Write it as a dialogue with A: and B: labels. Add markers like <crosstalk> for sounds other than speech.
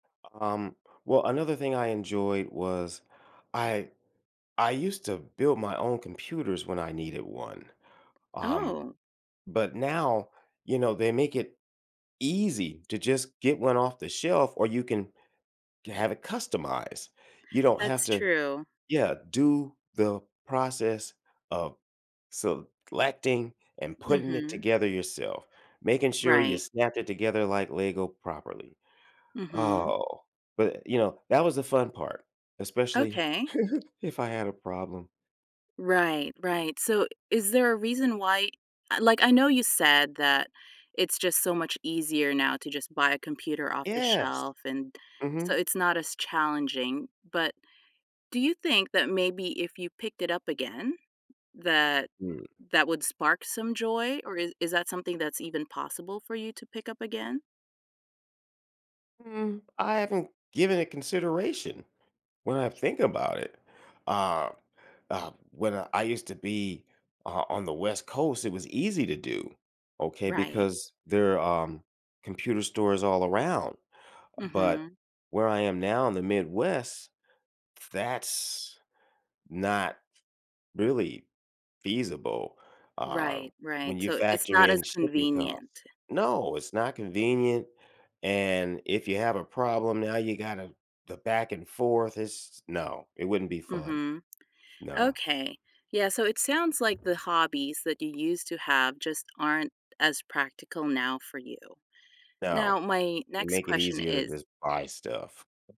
A: Um, well, another thing I enjoyed was, I I used to build my own computers when I needed one. Um,
B: Oh.
A: but now, you know, they make it easy to just get one off the shelf or you can ge have it customized. You don't have
B: That's
A: to
B: true.
A: yeah, do the process of selecting and putting it
B: Mhm.
A: together yourself, making sure you
B: Right.
A: snap it together like Lego properly.
B: Mhm.
A: Oh, but, you know, that was the fun part, especially
B: Okay.
A: <giggles> if I had a problem.
B: Right, right, so is there a reason why like I know you said that it's just so much easier now to just buy a computer off the
A: Yes.
B: shelf and so
A: Mhm.
B: it's not as challenging, but, do you think that maybe if you picked it up again, that
A: Mm.
B: that would spark some joy, or is that something that's even possible for you to pick up again?
A: Mm, I haven't given it consideration, when I think about it. Uh, um, when I used to be o on the West Coast, it was easy to do, okay,
B: Right.
A: because there, um, computer stores all around but
B: Mhm.
A: where I am now in the Midwest, that's not really feasible, um,
B: Right, right,
A: when you
B: so it's
A: factor
B: not as
A: in shipping costs
B: convenient.
A: No, it's not convenient and, if you have a problem, now you gotta the back and forth it's no, it wouldn't be fun.
B: Mhm.
A: No.
B: Okay, yeah, so it sounds like the hobbies that you used to have just aren't as practical now for you.
A: No,
B: Now my
A: they
B: next
A: make it
B: question
A: easier to
B: is
A: just buy stuff.